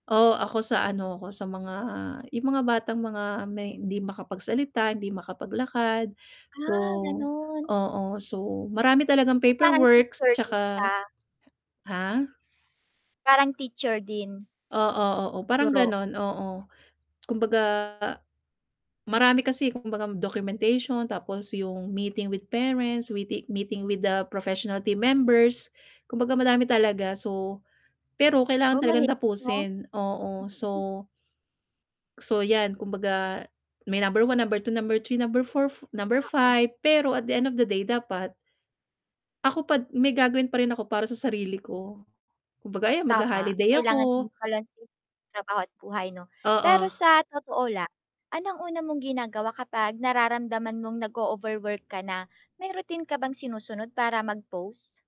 Oo ako sa ano ko, sa mga yung mga batang mga may hindi makapagsalita, hindi makapaglakad. So Ah, ganon. oo so marami talagang So parang paperworks teacher din 'tsaka siya. ha? Parang teacher din? Oo, oo parang Guro. ganun oo. Kumbaga, marami kasi kumbaga documentation, tapos yung meeting with parents, we-meeting with the professional team members. Kumbagaa madami talaga so, pero kailangan Oh, talagang mahirap. Hmm. tapusin, oo, so so yan kumbaga, may number 1, number 2, number 3, number 4, number Oo. 5, pero at the end of the day dapat ako pa d may gagawin pa rin ako para sa sarili ko. Kumbaga ayan Tama, magha-holiday kailangan ako. din pala is trabaho at buhay mo, pero Oo. sa totoo lang, anong una mong ginagawa kapag nararamdaman mong nag-ooverwork ka na? May rutin ka bang sinusunod para mag-pause?